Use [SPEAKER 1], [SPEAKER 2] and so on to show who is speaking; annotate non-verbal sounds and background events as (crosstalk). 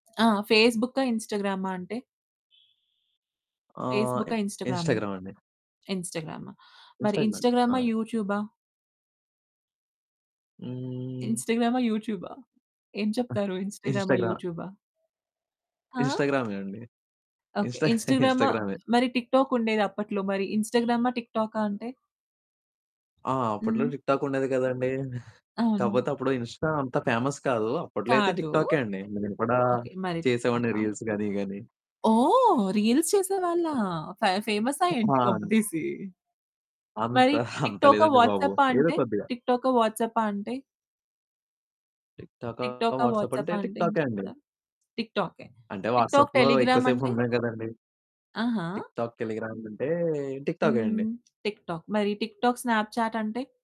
[SPEAKER 1] ఆ! ఫేస్‌బుక్కా, ఇన్స్టాగ్రమా అంటే?
[SPEAKER 2] ఆహ్,
[SPEAKER 1] ఫేస్‌బుక్కా, ఇన్స్టాగ్రామా?
[SPEAKER 2] ఇన్‌స్టాగ్రామండి.
[SPEAKER 1] ఇన్స్టాగ్రామా. మరి
[SPEAKER 2] ఇన్‌స్టాగ్రామ్.
[SPEAKER 1] ఇన్స్టాగ్రామా,
[SPEAKER 2] ఆ!
[SPEAKER 1] యూట్యూబా?
[SPEAKER 2] హ్మ్.
[SPEAKER 1] ఇన్స్టాగ్రమా, యూట్యూబా. ఏం చెప్తారు?
[SPEAKER 2] తప్పి
[SPEAKER 1] ఇన్స్టాగ్రమా,
[SPEAKER 2] ఇన్స్టాగ్రా
[SPEAKER 1] యూట్యూబా? ఆ!
[SPEAKER 2] ఇన్స్టాగ్రామే అండి.
[SPEAKER 1] ఓకే.
[SPEAKER 2] ఇన్స్టా (chuckles)
[SPEAKER 1] ఇన్స్టాగ్రమా,
[SPEAKER 2] ఇన్స్టాగ్రామే.
[SPEAKER 1] మరి టిక్‌టాక్ ఉండేది అప్పట్లో మరి ఇన్స్టాగ్రామా టిక్‌టాకా అంటే?
[SPEAKER 2] ఆ! అప్పట్లో
[SPEAKER 1] హ్మ్.
[SPEAKER 2] టిక్‌టాక్ ఉండేది కదండీ. (giggles)
[SPEAKER 1] అవును.
[SPEAKER 2] కాపోతే అప్పుడు ఇన్‌స్టా అంత ఫేమస్ కాదు. అప్పట్లో అయితే
[SPEAKER 1] కాదు.
[SPEAKER 2] టిక్‌టాకే అండి. నేను కూడా
[SPEAKER 1] ఓకే. మరి
[SPEAKER 2] చేసేవాడిని
[SPEAKER 1] టిక్‌టాకా?
[SPEAKER 2] రీల్స్ గాని ఇయ్యిగాని.
[SPEAKER 1] ఓహ్! రీల్స్ చేసేవాళ్ళా ఫే ఫేమసా
[SPEAKER 2] చెప్పనా
[SPEAKER 1] ఏంటి
[SPEAKER 2] అండి.
[SPEAKER 1] కొంపతీసి.
[SPEAKER 2] అంత
[SPEAKER 1] మరి
[SPEAKER 2] (chuckles) అంత
[SPEAKER 1] టిక్‌టాకా,
[SPEAKER 2] లేదండి బాబు.
[SPEAKER 1] వాట్సాపా
[SPEAKER 2] ఏదో
[SPEAKER 1] అంటే?
[SPEAKER 2] కొద్దిగా.
[SPEAKER 1] టిక్ టోకా, వాట్సాపా అంటే?
[SPEAKER 2] టిక్‌టాకా,
[SPEAKER 1] టిక్‌టాకా,
[SPEAKER 2] వాట్సాపా అంటే
[SPEAKER 1] వాట్సాపా అంటే ఏం
[SPEAKER 2] టిక్‌టాకే అండి.
[SPEAKER 1] చెప్తారు? టిక్‌టాకే.
[SPEAKER 2] అంటే
[SPEAKER 1] టిక్‌టాక్,
[SPEAKER 2] వాట్సాప్‌లో ఎక్కువ
[SPEAKER 1] టెలిగ్రామంటే?
[SPEAKER 2] సేపుండం కదండీ!
[SPEAKER 1] ఆహా!
[SPEAKER 2] టిక్‌టాక్‌, టెలిగ్రామ్ అంటే టిక్‌‌టాకే అండి.
[SPEAKER 1] హ్మ్. టిక్‌టాక్. మరి టిక్‌టాక్, స్నాప్‌చాటంటే.